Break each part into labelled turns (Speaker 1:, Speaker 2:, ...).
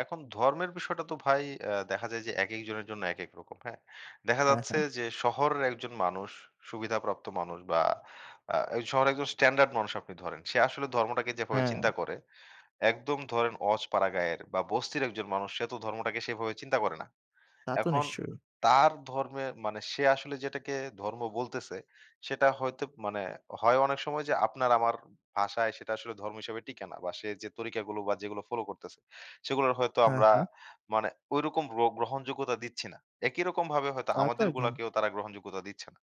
Speaker 1: এখন ধর্মের বিষয়টা তো ভাই অ্যা দেখা যায় যে, একেক জনের জন্য একেক রকম। হ্যাঁ? দেখা
Speaker 2: হ্যাঁ,
Speaker 1: যাচ্ছে
Speaker 2: হ্যাঁ।
Speaker 1: যে, শহরের একজন মানুষ সুবিধাপ্রাপ্ত মানুষ বা আ শহরের একজন স্ট্যান্ডার্ড মানুষ আপনি ধরেন। সে আসলে ধর্মটাকে যেভাবে চিন্তা
Speaker 2: হ্যাঁ।
Speaker 1: করে। একদম ধরেন অজপাড়াগাঁয়ের বা বস্তির একজন মানুষ সে তো ধর্মটাকে সেভাবে চিন্তা করে না।
Speaker 2: তা তো
Speaker 1: এখন
Speaker 2: নিশ্চয়ই।
Speaker 1: তার ধর্মের মানে সে আসলে যেটাকে ধর্ম বলতেছে সেটা হয়তো মানে হয় অনেক সময় যে, আপনার আমার ভাষায় সেটা আসলে ধর্ম হিসেবে টিকে না বা সে যে, তরিকাগুলো বা যেগুলো ফলো করতেছে। সেগুলো হয়তো
Speaker 2: হ্যাঁ,
Speaker 1: আমরা
Speaker 2: হ্যাঁ।
Speaker 1: মানে ঐরকম গ্র গ্রহণযোগ্যতা দিচ্ছি না। একই রকম ভাবে হয়তো
Speaker 2: তা তো একদম।
Speaker 1: আমাদেরগুলোকেও তারা গ্রহণযোগ্যতা দিচ্ছে না।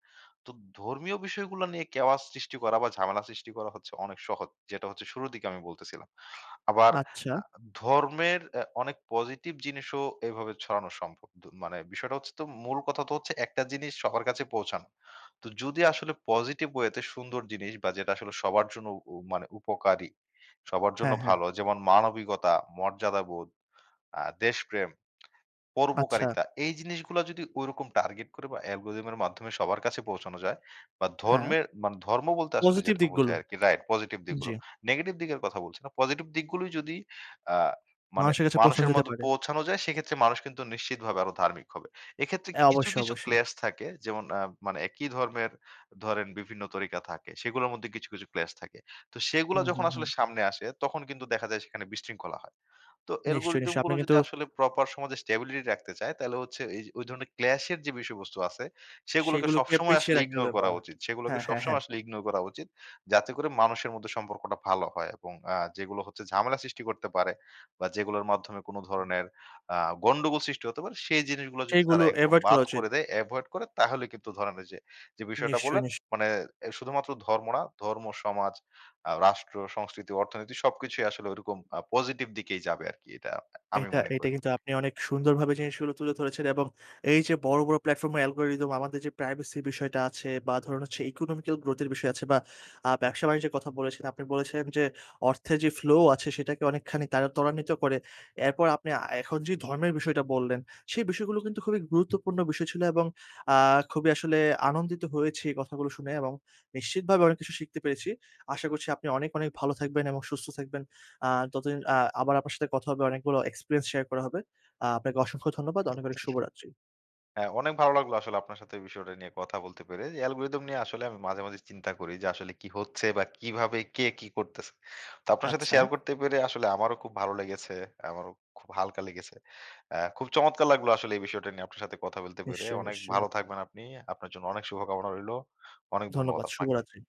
Speaker 1: তো ধর্মীয় বিষয়গুলো নিয়ে কেওয়াস সৃষ্টি করা বা ঝামেলা সৃষ্টি করা হচ্ছে অনেক সহজ। যেটা হচ্ছে শুরুর দিকে আমি বলতেছিলাম। আবার
Speaker 2: আচ্ছা।
Speaker 1: ধর্মের আ অনেক পজিটিভ জিনিসও এভাবে ছড়ানো সম্ভব। মানে বিষয়টা হচ্ছে মূল কথা তো হচ্ছে, একটা জিনিস সবার কাছে পৌঁছানো। তো যদি আসলে পজিটিভ ওয়েতে সুন্দর জিনিস বা যেটা আসলে সবার জন্য মানে উপকারী সবার জন্য
Speaker 2: হ্যাঁ, হ্যাঁ।
Speaker 1: ভালো। যেমন মানবিকতা, মর্যাদাবোধ, আ দেশপ্রেম,
Speaker 2: আচ্ছা।
Speaker 1: পরোপকারিতা। এই জিনিসগুলা যদি ঐরকম টার্গেট করে বা অ্যালগরিথম এর মাধ্যমে সবার কাছে পৌঁছানো যায় বা
Speaker 2: হ্যাঁ।
Speaker 1: ধর্মের মানে ধর্ম বলতে আসলে
Speaker 2: পজিটিভ
Speaker 1: যেটা
Speaker 2: দিকগুলো।
Speaker 1: বোঝায় আরকি। রাইট পজিটিভ দিকগুলো।
Speaker 2: জি।
Speaker 1: নেগেটিভ দিকের কথা বলছি না। পজিটিভ দিকগুলোই যদি আ মানে
Speaker 2: মানুষের কাছে পৌছে
Speaker 1: মানুষের
Speaker 2: যেতে
Speaker 1: মধ্যে
Speaker 2: পারে।
Speaker 1: পৌঁছানো যায়, সেক্ষেত্রে মানুষ কিন্তু নিশ্চিতভাবে আরো ধার্মিক হবে। এক্ষেত্রে
Speaker 2: হ্যাঁ,
Speaker 1: কিছু,
Speaker 2: অবশ্যই,
Speaker 1: কিছু
Speaker 2: অবশ্যই।
Speaker 1: ক্ল্যাশ থাকে যেমন মানে একই ধর্মের ধরেন বিভিন্ন তরিকা থাকে। সেগুলোর মধ্যে কিছু, কিছু ক্ল্যাশ থাকে। তো সেগুলা
Speaker 2: হুম,
Speaker 1: যখন
Speaker 2: হুম,
Speaker 1: আসলে
Speaker 2: হুম।
Speaker 1: সামনে আসে, তখন কিন্তু দেখা যায় সেখানে বিশৃঙ্খলা হয়। তো
Speaker 2: নিশ্চয়ই,
Speaker 1: অ্যালগরিথম
Speaker 2: নিশ্চয়ই। আপনি
Speaker 1: গুলো যদি
Speaker 2: কিন্তু
Speaker 1: আসলে প্রপার সমাজে স্ট্যাবিলিটি রাখতে চায়, তাহলে হচ্ছে এ ওই ধরনের ক্লাশ এর যে, বিষয়বস্তু আছে সেগুলোকে
Speaker 2: সেগুলোকে
Speaker 1: সবসময়
Speaker 2: পিছিয়ে
Speaker 1: আসলে
Speaker 2: রাখতে
Speaker 1: ইগনোর
Speaker 2: হবে
Speaker 1: করা
Speaker 2: বাহ!
Speaker 1: উচিত। সেগুলোকে
Speaker 2: হ্যাঁ, হ্যাঁ, হ্যাঁ।
Speaker 1: সবসময় আসলে ইগনোর করা উচিত। যাতে করে মানুষের মধ্যে সম্পর্কটা ভালো হয় এবং আ যেগুলো হচ্ছে ঝামেলা সৃষ্টি করতে পারে বা যেগুলোর মাধ্যমে কোন
Speaker 2: হুম।
Speaker 1: ধরনের আ গন্ডগোল সৃষ্টি হতে পারে, সেই জিনিসগুলো যদি তারা
Speaker 2: সেইগুলো
Speaker 1: একদম
Speaker 2: এভয়েড করা
Speaker 1: বাদ
Speaker 2: উচিত।
Speaker 1: করে দেয়, এভয়েড করে, তাহলে কিন্তু ধরনের যে, যে, বিষয়টা
Speaker 2: নিশ্চয়ই,
Speaker 1: বললেন
Speaker 2: নিশ্চয়ই।
Speaker 1: মানে শুধুমাত্র ধর্ম না, ধর্ম, সমাজ, আ রাষ্ট্র, সংস্কৃতি, অর্থনীতি সবকিছুই আসলে ওরকম আ পজিটিভ দিকেই যাবে আরকি। এটা আমি
Speaker 2: এটা,
Speaker 1: মনে
Speaker 2: এটা
Speaker 1: করি।
Speaker 2: কিন্তু আপনি অনেক সুন্দরভাবে জিনিসগুলো তুলে ধরেছেন এবং এই যে, বড়, বড় প্লাটফর্ম এর অ্যালগরিথম আমাদের যে, প্রাইভেসি বিষয়টা আছে বা ধরুন হচ্ছে ইকোনমিক্যাল গ্রোথ এর বিষয় আছে বা ব্যবসা-বাণিজ্য যে, কথা বলেছেন, আপনি বলেছেন যে, অর্থের যে, ফ্লো আছে, সেটাকে অনেকখানি তারা ত্বরান্বিত করে। এরপর আপনি এখন যে, ধর্মের বিষয়টা বললেন, সেই বিষয়গুলো কিন্তু খুবই গুরুত্বপূর্ণ বিষয় ছিল এবং আ খুবই আসলে আনন্দিত হয়েছি এই কথাগুলো শুনে এবং নিশ্চিতভাবে অনেক কিছু শিখতে পেরেছি। আশা করছি আপনি অনেক, অনেক ভালো থাকবেন এবং সুস্থ থাকবেন। আ ততদিন আবার আপনার সাথে কথা হবে, অনেকগুলো এক্সপেরিয়েন্স শেয়ার করা হবে। আ আপনাকে অসংখ্য ধন্যবাদ। অনেক, অনেক শুভরাত্রি।
Speaker 1: হ্যাঁ, অনেক ভালো লাগলো আসলে আপনার সাথে এই বিষয়টা নিয়ে কথা বলতে পেরে। অ্যালগরিথম নিয়ে আসলে আমি মাঝে, মাঝে চিন্তা করি যে, আসলে কি হচ্ছে বা কিভাবে কে কি করতেছে। তো আপনার সাথে শেয়ার
Speaker 2: আচ্ছা।
Speaker 1: করতে পেরে আসলে আমারও খুব ভালো লেগেছে। আমারও খুব হালকা লেগেছে। অ্যা খুব চমৎকার লাগলো আসলে এই বিষয়টা নিয়ে আপনার সাথে কথা বলতে পেরে।
Speaker 2: নিশ্চয়ই,
Speaker 1: অনেক
Speaker 2: নিশ্চয়ই।
Speaker 1: ভালো থাকবেন আপনি। আপনার জন্য অনেক শুভকামনা রইলো। অনেক ধন্যবাদ
Speaker 2: ধন্যবাদ।
Speaker 1: আপনাকে।
Speaker 2: শুভরাত্রি।